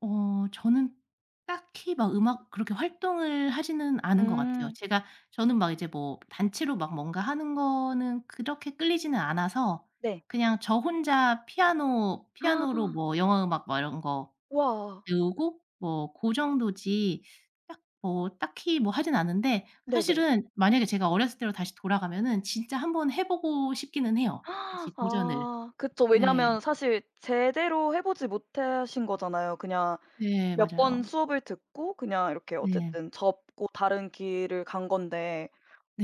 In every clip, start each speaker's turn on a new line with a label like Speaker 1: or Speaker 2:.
Speaker 1: 어 저는 딱히 막 음악 그렇게 활동을 하지는 않은 것 같아요.
Speaker 2: 음.
Speaker 1: 제가 저는 막 이제 뭐 단체로 막 뭔가 하는 거는 그렇게 끌리지는 않아서
Speaker 2: 네.
Speaker 1: 그냥 저 혼자 피아노 피아노로 뭐 영화 음악 막 이런 거
Speaker 2: 와.
Speaker 1: 배우고 뭐 고 정도지 딱 뭐 딱히 뭐 하지는 않는데
Speaker 2: 네네.
Speaker 1: 사실은 만약에 제가 어렸을 때로 다시 돌아가면은 진짜 한번 해 보고 싶기는 해요, 다시 도전을.
Speaker 2: 아 그쵸.
Speaker 1: 네.
Speaker 2: 왜냐하면 사실 제대로 해 보지 못하신 거잖아요. 그냥
Speaker 1: 네.
Speaker 2: 몇 번
Speaker 1: 맞아요.
Speaker 2: 수업을 듣고 그냥 이렇게
Speaker 1: 네.
Speaker 2: 어쨌든 접고 다른 길을 간 건데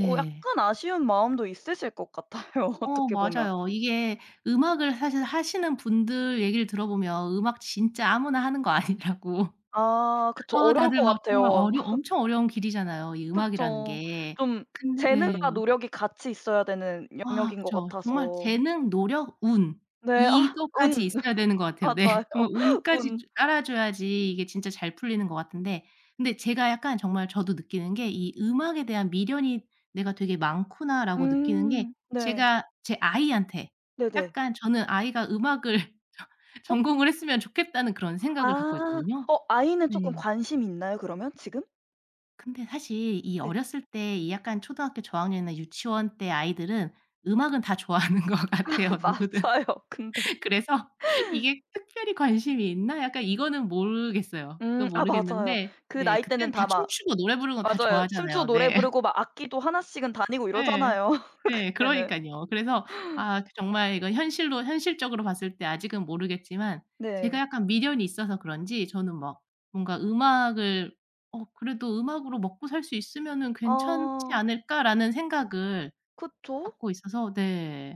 Speaker 2: 어 약간 아쉬운 마음도 있으실 것 같아요,
Speaker 1: 어
Speaker 2: 어떻게 보면.
Speaker 1: 맞아요. 이게 음악을 사실 하시는 분들 얘기를 들어보면 음악 진짜 아무나 하는 거 아니라고
Speaker 2: 아 그쵸.
Speaker 1: 아
Speaker 2: 어려울 것
Speaker 1: 다들 막 정말
Speaker 2: 같아요.
Speaker 1: 어려 엄청 어려운 길이잖아요, 이 음악이라는
Speaker 2: 그쵸.
Speaker 1: 게.
Speaker 2: 좀
Speaker 1: 근데 네.
Speaker 2: 재능과 노력이 같이 있어야 되는
Speaker 1: 아
Speaker 2: 영역인 것
Speaker 1: 그쵸. 정말
Speaker 2: 같아서
Speaker 1: 재능, 노력, 운
Speaker 2: 네. 아
Speaker 1: 이것까지
Speaker 2: 운.
Speaker 1: 있어야 되는 것 같아요. 네.
Speaker 2: 맞아요.
Speaker 1: 정말 운까지
Speaker 2: 운.
Speaker 1: 주 따라줘야지 이게 진짜 잘 풀리는 것 같은데 근데 제가 약간 정말 저도 느끼는 게 '이 음악에 대한 미련이 내가 되게 많구나.'라고 느끼는 게
Speaker 2: 음. 네.
Speaker 1: 제가 제 아이한테
Speaker 2: 네네.
Speaker 1: 약간 저는 '아이가 음악을 저
Speaker 2: 어.
Speaker 1: 전공을 했으면 좋겠다.'는 그런 생각을 갖고
Speaker 2: 아.
Speaker 1: 있거든요.
Speaker 2: 어 아이는 쪼끔
Speaker 1: 네.
Speaker 2: 관심이 있나요 그러면 지금?
Speaker 1: 근데 사실 이
Speaker 2: 네.
Speaker 1: 어렸을 때 이 약간 초등학교 저학년이나 유치원 때 아이들은 음악은 다 좋아하는 것
Speaker 2: 아
Speaker 1: 같아요, 누구든.
Speaker 2: 맞아요. 근데.
Speaker 1: 그래서 이게 특별히 관심이 있나? 약간 이거는 모르겠어요.
Speaker 2: 음.
Speaker 1: 그건
Speaker 2: 아 맞아요.
Speaker 1: 모르겠는데
Speaker 2: 그
Speaker 1: 네
Speaker 2: 나이 때는
Speaker 1: 그때는 다
Speaker 2: 다 막
Speaker 1: 춤추고 노래 부르는 건 다
Speaker 2: 맞아요 춤추고
Speaker 1: 좋아하잖아요.
Speaker 2: 노래
Speaker 1: 네.
Speaker 2: 부르고 막 악기도 하나씩은 다니고
Speaker 1: 예.
Speaker 2: 이러잖아요,
Speaker 1: 예.
Speaker 2: 그때는.
Speaker 1: 그러니깐요. 그래서 아 그 정말 이건 현실로 현실적으로 봤을 때 아직은 모르겠지만 제가
Speaker 2: 네.
Speaker 1: 약간 미련이 있어서 그런지 저는 막 뭔가 음악을 '어 그래도 음악으로 먹고살 수 있으면은 괜찮지
Speaker 2: 어.
Speaker 1: 않을까.'라는 생각을
Speaker 2: 그쵸.
Speaker 1: 갖고 있어서 네.